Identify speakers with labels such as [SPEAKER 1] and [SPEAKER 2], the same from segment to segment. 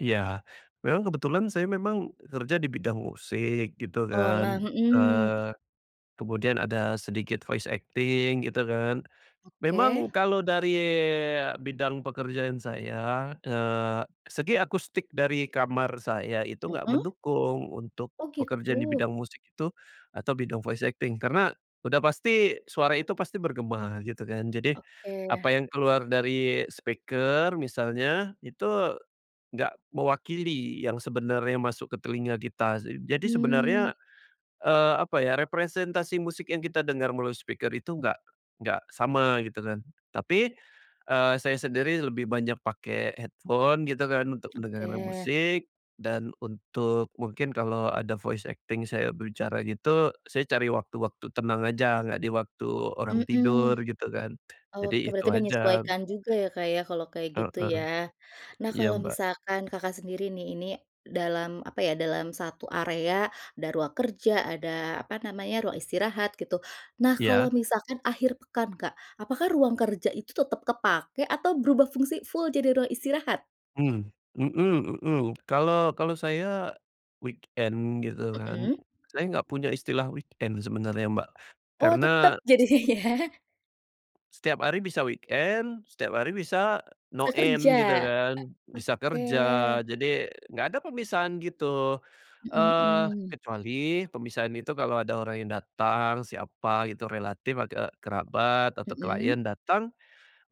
[SPEAKER 1] Iya. Memang kebetulan saya memang, eee, kerja di bidang musik gitu
[SPEAKER 2] Oh, nah,
[SPEAKER 1] kan,
[SPEAKER 2] mhm.
[SPEAKER 1] eee, kemudian ada sedikit voice acting gitu kan.
[SPEAKER 2] Oke.
[SPEAKER 1] Memang kalau dari bidang pekerjaan saya, eee, segi akustik dari kamar saya itu nggak
[SPEAKER 2] Mhm.
[SPEAKER 1] mendukung, untuk
[SPEAKER 2] Oh
[SPEAKER 1] pekerjaan di
[SPEAKER 2] gitu.
[SPEAKER 1] bidang musik itu atau bidang voice acting. Karena udah pasti suara itu pasti bergema gitu kan, jadi apa
[SPEAKER 2] Oke.
[SPEAKER 1] yang keluar dari speaker misalnya, itu nggak mewakili yang sebenarnya masuk ke telinga kita s eee, jadi sebenarnya,
[SPEAKER 2] Hmm.
[SPEAKER 1] eee, apa ya, representasi musik yang kita dengar melalui speaker itu nggak nggak sama gitu kan. Tapi, eee, saya sendiri lebih banyak pakai headphone gitu kan, untuk mendengarkan
[SPEAKER 2] Oke.
[SPEAKER 1] musik dan untuk mungkin kalau ada voice acting saya bicara gitu, saya cari waktu-waktu tenang aja, nggak di waktu orang
[SPEAKER 2] Mhm.
[SPEAKER 1] tidur gitu kan, jadi
[SPEAKER 2] Oke,
[SPEAKER 1] itu
[SPEAKER 2] berarti
[SPEAKER 1] aja.
[SPEAKER 2] menyesuaikan juga ya, Kak, ya, kalau kayak gitu ya.
[SPEAKER 1] Heeh.
[SPEAKER 2] Nah,
[SPEAKER 1] Iya,
[SPEAKER 2] kalau
[SPEAKER 1] Mbak.
[SPEAKER 2] misalkan Kakak sendiri nih, ini dalam apa ya, dalam satu area, ada ruang kerja, ada apa namanya, ruang istirahat gitu. Nah, kalau
[SPEAKER 1] Iya.
[SPEAKER 2] misalkan akhir pekan Kak, apakah ruang kerja itu tetap kepake atau berubah fungsi full, jadi ruang istirahat?
[SPEAKER 1] Mmm, mhm mhm. Kalau kalau saya weekend gitu kan,
[SPEAKER 2] Mhm.
[SPEAKER 1] saya nggak punya istilah weekend sebenarnya Mbak.
[SPEAKER 2] Oh, tetep
[SPEAKER 1] Karena s
[SPEAKER 2] jadinya ya.
[SPEAKER 1] Setiap hari bisa weekend, setiap hari, bisa no
[SPEAKER 2] Bisa kerja,
[SPEAKER 1] end gitu
[SPEAKER 2] e
[SPEAKER 1] kan. Bisa
[SPEAKER 2] oke.
[SPEAKER 1] kerja, jadi nggak ada pemisahan gitu,
[SPEAKER 2] Mhm
[SPEAKER 1] eee,
[SPEAKER 2] mhm.
[SPEAKER 1] kecuali pemisahan itu kalau ada orang yang datang, siapa gitu, relatif ati eee, kerabat atau klien
[SPEAKER 2] Mhm.
[SPEAKER 1] datang,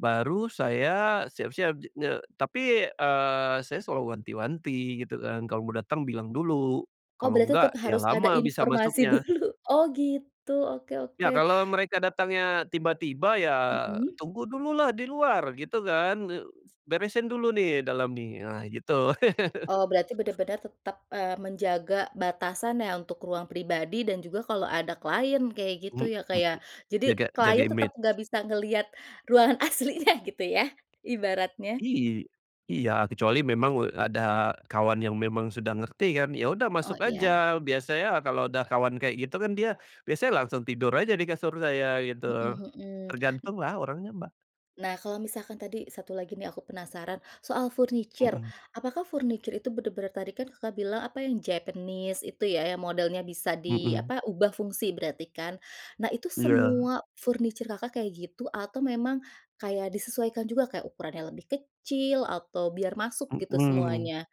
[SPEAKER 1] baru saya siap-siap jadinya. Tapi, eee, saya selalu wanti-wanti gitu kan, kalau mau datang bilang dulu,
[SPEAKER 2] Oh,
[SPEAKER 1] kalau
[SPEAKER 2] berarti
[SPEAKER 1] nggak,
[SPEAKER 2] tetap
[SPEAKER 1] ya
[SPEAKER 2] harus ada
[SPEAKER 1] lama bisa
[SPEAKER 2] informasi
[SPEAKER 1] masuknya.
[SPEAKER 2] dulu. Oh gitu, oke
[SPEAKER 1] Iya,
[SPEAKER 2] oke.
[SPEAKER 1] kalau mereka datangnya tiba-tiba ya,
[SPEAKER 2] Mhm.
[SPEAKER 1] "Tunggu dulu lah, di luar!" Gitu kan, ne "beresin dulu nih, dalam nih," ah, gitu.
[SPEAKER 2] Oh berarti bener bener tetap, eee, menjaga batasan ya, untuk ruang pribadi dan juga kalau ada client kayak gitu
[SPEAKER 1] Mhm.
[SPEAKER 2] ya, Kak, ya. Jadi
[SPEAKER 1] Jaga jaga
[SPEAKER 2] client tetap
[SPEAKER 1] image.
[SPEAKER 2] nggak bisa ngelihat ruangan aslinya gitu ya, ibaratnya.
[SPEAKER 1] Iy iya, kecuali memang, eee, ada kawan yang memang sudah ngerti kan, ya udah
[SPEAKER 2] Oh
[SPEAKER 1] masuk
[SPEAKER 2] iya.
[SPEAKER 1] aja. Biasanya kalau udah kawan kayak gitu, kan dia biasanya langsung tidur aja di kasur saya gitu.
[SPEAKER 2] Mhm mhm. N
[SPEAKER 1] Tergantung lah, orangnya Mbak.
[SPEAKER 2] Nah, kalau misalkan tadi satu lagi nih, aku penasaran soal furniture.
[SPEAKER 1] Mhm.
[SPEAKER 2] Apakah furniture itu bener-bener, tadi kan Kakak bilang apa, yang Japanese itu ya, yang modelnya bisa di
[SPEAKER 1] Mhm.
[SPEAKER 2] apa, ubah fungsi berarti kan. Nah, itu
[SPEAKER 1] Iya.
[SPEAKER 2] semua furniture Kakak kayak gitu atau memang kayak disesuaikan juga, kayak ukurannya lebih kecil atau biar masuk gitu,
[SPEAKER 1] Mhm.
[SPEAKER 2] semuanya?